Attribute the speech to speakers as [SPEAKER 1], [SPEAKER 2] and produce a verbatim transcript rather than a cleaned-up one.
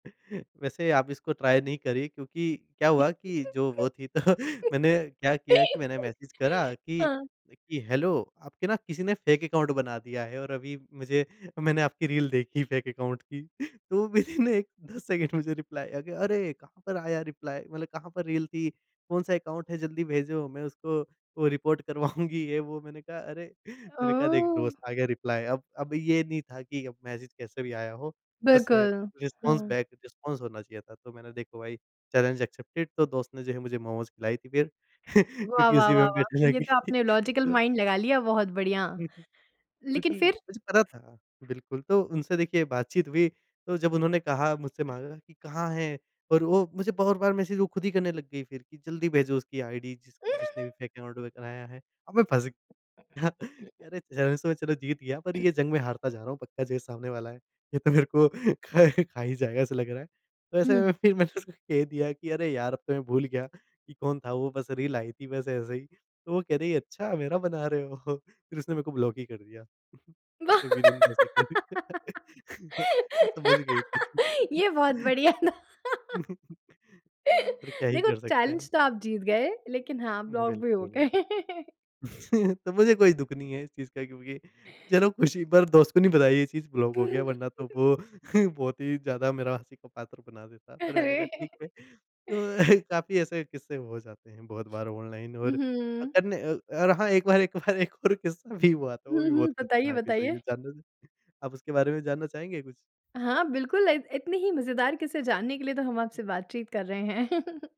[SPEAKER 1] वैसे आप इसको ट्राई नहीं करिए। क्योंकि क्या हुआ कि जो वो थी तो मैंने क्या किया कि मैंने मैसेज करा कि
[SPEAKER 2] हाँ।
[SPEAKER 1] कि, "हेलो आपके ना किसी ने फेक अकाउंट बना दिया है और अभी मुझे मैंने आपकी रील देखी फेक अकाउंट की।" तो विथिन दस सेकंड मुझे रिप्लाई आ गया। अरे कहाँ पर आया रिप्लाई मतलब कहाँ पर रील थी? कौन-सा अकाउंट है जल्दी भेजो मैं उसको वो रिपोर्ट करवाऊँगी ये वो मैंने कहा अरे!
[SPEAKER 2] अ,
[SPEAKER 1] मैंने कहा देख
[SPEAKER 2] ओह!
[SPEAKER 1] दोस्त आ गया रिप्लाई अब अब ये नहीं था कि अब मैसेज कैसे भी आया हो। बस
[SPEAKER 2] बिल्कुल,
[SPEAKER 1] रिस्पॉन्स
[SPEAKER 2] हाँ।
[SPEAKER 1] बैक रिस्पॉन्स होना चाहिए था। तो मैंने देखो भाई चैलेंज एक्सेप्टेड तो दोस्त ने जो है मुझे मोमोस खिलाई थी फ़िर
[SPEAKER 2] वाह,
[SPEAKER 1] क्योंकि
[SPEAKER 2] वाह,
[SPEAKER 1] उसी
[SPEAKER 2] वाह,
[SPEAKER 1] में
[SPEAKER 2] वाह!
[SPEAKER 1] बेट
[SPEAKER 2] ये
[SPEAKER 1] लगी
[SPEAKER 2] तो
[SPEAKER 1] थी।
[SPEAKER 2] आपने लॉजिकल
[SPEAKER 1] तो
[SPEAKER 2] माइंड लगा लिया बहुत बढ़िया।
[SPEAKER 1] क्योंकि
[SPEAKER 2] लेक़िन फ़िर?
[SPEAKER 1] मुझे पता था बिल्कुल तो उनसे देखिए बातचीत हुई तो जब उन्होंने कहा मुझसे माँगा कि कहाँ है? और वो मुझे बहुत बार मैसेज वो ख़ुद ही करने लग गई फ़िर कि, "जल्दी भेजो उसकी आइडी जिस जिसने भी फेक अकाउंट बनाया है।" और मैं फँस गया कि अरे! ज़्यादा सोच रहा जीत गया पर ये जंग में हारता जा रहा हूँ पक्का जो ये सामने वाला है ये तो मेरे को खा खा ही जाएगा ऐसा लग रहा है। तो ऐसे
[SPEAKER 2] हुँ।
[SPEAKER 1] में फ़िर मैंने उसको कह दिया कि अरे यार! अब तो मैं भूल गया कि कौन था वो बस रील आई थी बस ऐसे ही। तो वो कह रही है अच्छा मेरा बना रहे हो फ़िर उसने मेरे को ब्लॉक ही कर दिया।
[SPEAKER 2] वाह
[SPEAKER 1] उसने विथिन दस सेकंड। वो समझ गई थी
[SPEAKER 2] ये बहुत बढ़िया था
[SPEAKER 1] और क्या ही
[SPEAKER 2] देखो
[SPEAKER 1] कर सकते हैं।
[SPEAKER 2] चैलेंज तो आप जीत गए लेक़िन हाँ ब्लॉक भी हो
[SPEAKER 1] बिल्कुल।
[SPEAKER 2] गए।
[SPEAKER 1] तो मुझे कोई दुःख नहीं है इस चीज़ का क्योंकि चलो खुशी पर दोस्त को नहीं बताई ये चीज़ ब्लॉक हो गया वरना तो वो बहुत ही ज़्यादा मेरा हँसी का पात्र बना देता। पर मैंने कहा
[SPEAKER 2] अरे!
[SPEAKER 1] ठीक है। तो काफ़ी ऐसे किस्से हो जाते हैं बहुत बार ऑनलाइन और
[SPEAKER 2] उहुँ।
[SPEAKER 1] तब न अ, और हाँ एक बार एक बार एक और किस्सा भी हुआ था वो
[SPEAKER 2] हुँ,
[SPEAKER 1] भी
[SPEAKER 2] हुँ।
[SPEAKER 1] बहुत
[SPEAKER 2] बताइए,
[SPEAKER 1] ख़तरनाक है सही में।
[SPEAKER 2] बताइए।
[SPEAKER 1] जानना चाहेंगे? आप उसके बारे में जानना चाहेंगे कुछ?
[SPEAKER 2] हाँ, बिल्कुल इत इतनी ही मज़ेदार किस्से जानने के लिए तो हम आपसे बातचीत कर रहे हैं।